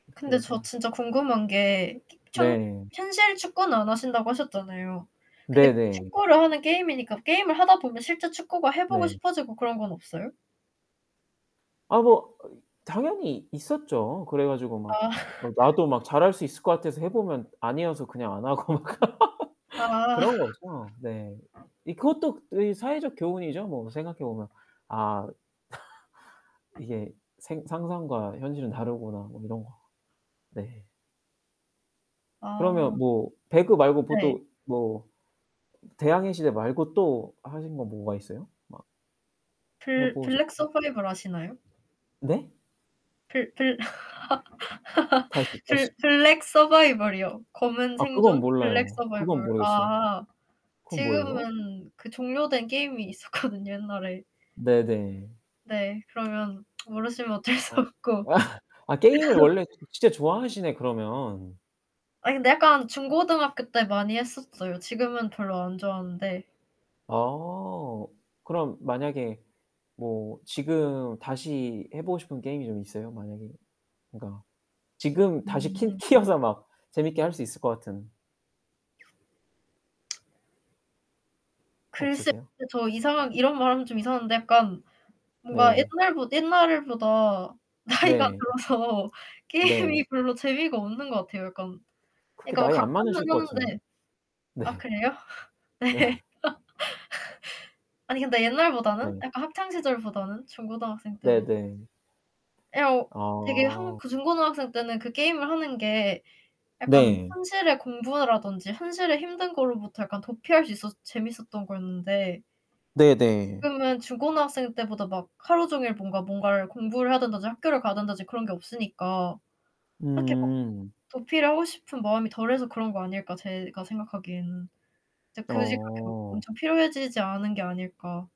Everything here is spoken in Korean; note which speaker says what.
Speaker 1: 근데 저
Speaker 2: 그래서
Speaker 1: 진짜 궁금한 게 키 현
Speaker 2: 네.
Speaker 1: 현실 축구는 안 하신다고 하셨잖아요. 근데
Speaker 2: 네네.
Speaker 1: 축구를 하는 게임이니까 게임을 하다 보면 실제 축구가 해 보고
Speaker 2: 네.
Speaker 1: 싶어지고 그런 건 없어요?
Speaker 2: 아 뭐 당연히 있었죠. 그래 가지고 막
Speaker 1: 아.
Speaker 2: 막 나도 막 잘할 수 있을 것 같아서 해 보면 아니어서 그냥 안 하고.
Speaker 1: 아.
Speaker 2: 그런 거죠. 네. 이 그것도 이 사회적 교훈이죠 뭐 생각해 보면. 아. 이게 생 '상상과 현실은 다르구나.' 뭐 이런 거. 네.
Speaker 1: 아.
Speaker 2: 그러면 뭐 배그 말고 뭐
Speaker 1: 네.
Speaker 2: 또 뭐 대항해시대 말고 또 하신 건 뭐가 있어요? 막.
Speaker 1: 블 블랙
Speaker 2: 해보셨다고요?
Speaker 1: 서바이벌 아시나요?
Speaker 2: 네?
Speaker 1: 블 블
Speaker 2: 다시, 다시.
Speaker 1: 블 블랙 서바이벌이요. 검은
Speaker 2: 아 그건
Speaker 1: 생존. 블랙
Speaker 2: 몰라요. 그건
Speaker 1: 서바이벌.
Speaker 2: 모르겠어요.
Speaker 1: 아
Speaker 2: 그건 뭐예요?
Speaker 1: 지금은 그 종료된 게임이 있었거든요 옛날에.
Speaker 2: 네네.
Speaker 1: 네. 그러면 모르시면 어쩔 수
Speaker 2: 아
Speaker 1: 없고.
Speaker 2: 아 아 게임을 원래 좀 진짜 좋아하시네 그러면.
Speaker 1: 아니 근데 약간 중고등학교 때 많이 했었어요. 지금은 별로 안 좋아하는데
Speaker 2: 아. 그럼 만약에 뭐 지금 다시 해보고 싶은 게임이 좀 있어요? 만약에 그니까 지금 다시 키
Speaker 1: 음.
Speaker 2: 키워서 막 재밌게 할 수 있을 것 같은.
Speaker 1: 글쎄요
Speaker 2: 없으세요?
Speaker 1: 저 이상하게 이런 말하면 좀 이상한데 약간 뭔가
Speaker 2: 네.
Speaker 1: 옛날보 옛날보다 나이가
Speaker 2: 네.
Speaker 1: 들어서
Speaker 2: 네.
Speaker 1: 게임이 별로 재미가 없는 것 같아요 약간.
Speaker 2: 그렇게
Speaker 1: 그니까 뭐
Speaker 2: 나이 안
Speaker 1: 가끔은
Speaker 2: 많으실 것 같은데요?
Speaker 1: 하는데. 아
Speaker 2: 네.
Speaker 1: 그래요?
Speaker 2: 네.
Speaker 1: 네. 아니 근데 옛날보다는?
Speaker 2: 네.
Speaker 1: 약간 학창 시절보다는? 중고등학생 때보다
Speaker 2: 네네.
Speaker 1: 예 어, 되게 한
Speaker 2: 아.
Speaker 1: 그 중고등학생 때는 그 게임을 하는 게 약간
Speaker 2: 네.
Speaker 1: 현실의 공부라든지 현실의 힘든 걸로부터 약간 도피할 수 있어서 재밌었던 거였는데
Speaker 2: 네네.
Speaker 1: 지금은 중고등학생 때보다 막 하루 종일 뭔가 뭔가를 공부를 해야 된다든지 학교를 가야 된다든지 그런 게 없으니까 딱히 막
Speaker 2: 음.
Speaker 1: 도피를 하고 싶은 마음이 덜해서 그런 거 아닐까 제가 생각하기에는. 진짜 굳이 그렇게 막
Speaker 2: 어.
Speaker 1: 엄청 필요해지지 않은 게 아닐까.